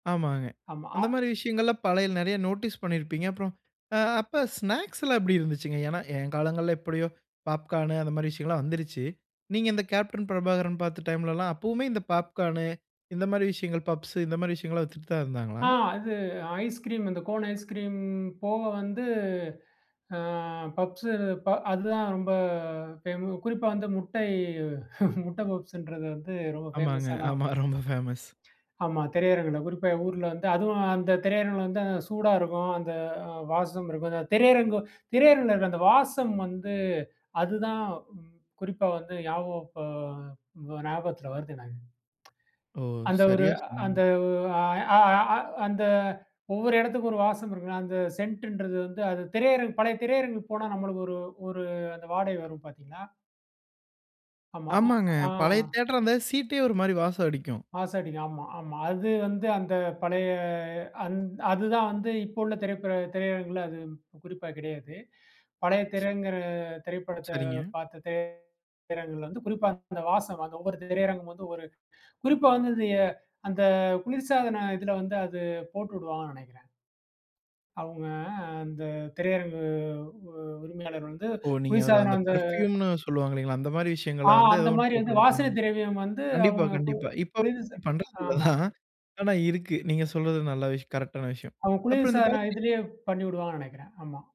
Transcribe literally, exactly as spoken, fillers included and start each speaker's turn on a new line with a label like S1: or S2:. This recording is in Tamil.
S1: ஆமாங்க.
S2: ஆமா.
S1: அந்த
S2: அ
S1: மாரி விஷயங்கள்லாம் பழைய நெறைய நோட்டீஸ் பண்ணியிருப்பீங்க. அப்புறம் அ அப்ப ஸ்நாக்ஸ்லாம் எப்படி இருந்துச்சுங்க? ஏன்னா என் காலங்கள்ல எப்படியோ பாப்கார்னூ அந்த மாரி விஷயங்கள்லாம் வந்துருச்சு. நீங்க இந்த கேப்டன் பிரபாகரன் பார்த்த டைம்லலாம் அப்பவுமே இந்த பாப்கார்னு இந்த மாரி விஷயங்கள், பப்ஸ் இந்த மாரி விஷயங்கள்லாம் வித்துட்டு தான் இருந்தாங்களா?
S2: ஆ அது ஐஸ் கிரீம். இந்த கோன் ஐஸ் கிரீம் போக வந்து அ பப்ஸு இப்ப அதுதான் ரொம்ப ஃபேம குறிப்பா வந்து முட்டை முட்ட பப்ஸ்ன்றது வந்து ரொம்ப
S1: ஆமாங்க,
S2: ஃபேமஸான
S1: ஆமா.
S2: ஒண்ணு.
S1: ரொம்ப ஃபேமஸ்.
S2: ஆமா திரையரங்குல. குறிப்பா ஊர்ல வந்து, அதுவும் அந்த திரையரங்குல வந்து சூடா இருக்கும். அந்த வாசம் இருக்கும். அந்த திரையரங்கு திரையரங்குல இருக்கிற அந்த வாசம் வந்து அதுதான் ம் குறிப்பா வந்து ஞாபகம் இப்போ ஞாபகத்தில வருது எனக்கு.
S1: ஓ!
S2: அந்த ஒரு
S1: சரியா
S2: அந்த
S1: சொன்னீங்க.
S2: ஒ அ அ அ அந்த ஒவ்வொரு இடத்துக்கும் ஒரு வாசம் இருக்கும்ல்ல. அந்த சென்ட்டுன்றது வந்து, அது திரையரங்கு பழைய திரையரங்குக்கு போனா நம்மளுக்கு ஒரு ஒரு அந்த வாடை வரும் பார்த்தீங்களா, ஆமா.
S1: ஆமாங்க.
S2: அ ஆ.
S1: பழைய தியேட்டரா இருந்தா சீட்டே ஒரு மாரி வாசம் அடிக்கும்.
S2: வாசம் அடிக்கும். ஆமா, ஆமா. அது வந்து அந்த பழைய அந் அதுதான் வந்து இப்போ உள்ள திரைப்ப திரையரங்குல அது குறிப்பா கிடையாது. பழைய திரைங்க திரைப்படத்த
S1: சரிங்க.
S2: பார்த்த திரை திரை அரங்கள்ல வந்து குறிப்பா அந்த வாசம், அந்த ஒவ்வொரு திரையரங்கமும் வந்து ஒவ்வொரு குறிப்பா வந்து இது அந்த குளிர்சாதன இதுல வந்து அது போட்டு வுடுவாங்கன்னு நெனைக்கிறேன். அவங்க அந்த திரையரங்கு உ உரிமையாளர் வந்து
S1: ஓ! நீங்க அவரு
S2: குளிர்சாதனம்
S1: அந்த
S2: வந்து
S1: பெர்ஃப்யூம்ன்னு சொல்லுவாங்க இல்லைங்களா, அந்த மாரி
S2: ஆ
S1: விஷயங்கள வந்து
S2: அந்த மாரி வந்து வாசனை
S1: [unintelligible]
S2: திரவியம் வந்து
S1: கண்டிப்பா,
S2: அவங்க கு
S1: கண்டிப்பா. இப்ப
S2: குளிர் சா
S1: பண்றது இல்ல
S2: ஆமா.
S1: தான். ஆனா, இருக்கு. நீங்க சொல்றது நல்ல விஷயம். கரெக்ட்டான விஷயம்.
S2: அவுங்க
S1: அப்புறம் இந்த
S2: குளிர்சாதன
S1: பா
S2: இதுலயே பண்ணி வுடுவாங்கன்னு நெனைக்கிறேன். ஆமா.